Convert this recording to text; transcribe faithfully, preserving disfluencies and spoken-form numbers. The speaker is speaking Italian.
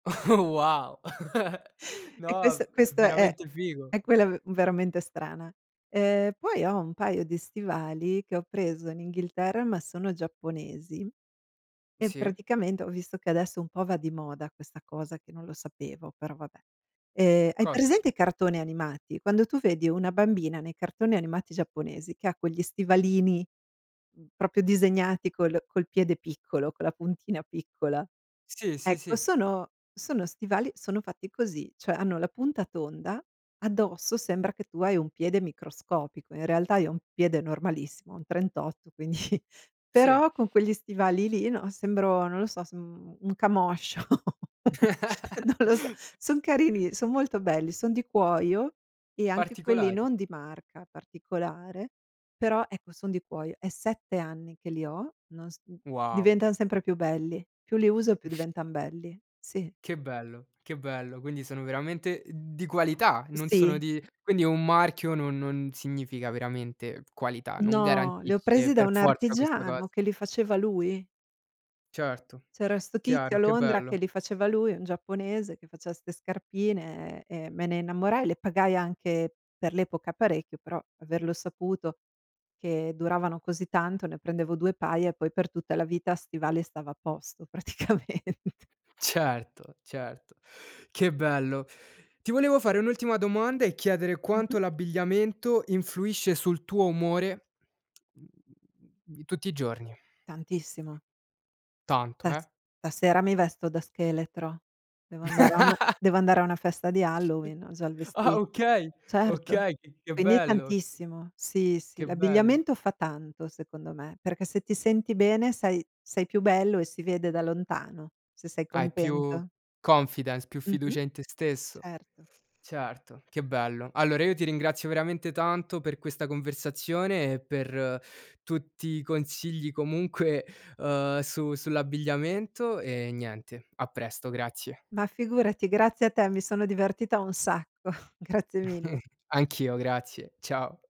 Wow. E No, quest è v è questo è veramente figo. è quella v veramente strana. Ehm, poi ho un paio di stivali che ho preso in Inghilterra, ma sono giapponesi. E, Sì. praticamente ho visto che adesso un po' va di moda questa cosa che non lo sapevo, però, vabbè. Ehm, hai Cosa? presente i cartoni animati? Quando tu vedi una bambina nei cartoni animati giapponesi che ha quegli stivalini proprio disegnati col col piede piccolo, con la puntina piccola, Sì, sì, ecco sì. sono sono stivali sono fatti così, cioè hanno la punta tonda, addosso sembra che tu hai un piede microscopico. In realtà, io ho un piede normalissimo, un trentotto, quindi Sì. Però, con quegli stivali lì, no, sembro non lo so, sem un camoscio. Non lo so, son carini, son molto belli, son di cuoio, e anche quelli Particolari. non di marca particolare, però, ecco son di cuoio, è sette anni che li ho, non s mhmm, Wow. diventan sempre più belli. Più li uso e più diventan belli. Sì. Che bello, che bello. Quindi, sono veramente di qualità, e non sono Sì. di quindi è un marchio non non significa veramente qualità, non No, li ho garantisce presi da per un forza questa cos artigiano che li faceva lui. Certo, C'era 'sto tizio chiaro, a che Londra che bello. li faceva lui, un giapponese che faceva 'ste scarpine e e me ne innamorai, le pagai anche per l'epoca parecchio, però averlo saputo che duravano così tanto, ne prendevo due paia, e poi per tutta la vita a stivali stavo a posto praticamente. Certo, certo, che bello! Ti volevo fare un'ultima domanda e chiedere Mh-mh. quanto l'abbigliamento influisce sul tuo umore di tutti i giorni. Tantissimo. Tanto, Stas eh? stasera mi vesto da scheletro, devo andare a una devo andare a una festa di Halloween, ho già il Ah vesti okay, Certo. okay, c che Quindi bello! tantissimo. Sì, sì. Che bello. L'abbigliamento fa tanto, secondo me, perché se ti senti bene, sai, sei più bello e si vede da lontano, se sei Hai più contento. confidence, più Mh-mh. fiducia in te stesso. Certo. Certo, che bello. Allora, io ti ringrazio veramente tanto per questa conversazione, e per tutti i consigli comunque, uhm, su sull'abbigliamento, e niente. A presto, grazie. Ma figurati, grazie a te, mi sono divertita un sacco. Grazie mille. Anch'io grazie, ciao.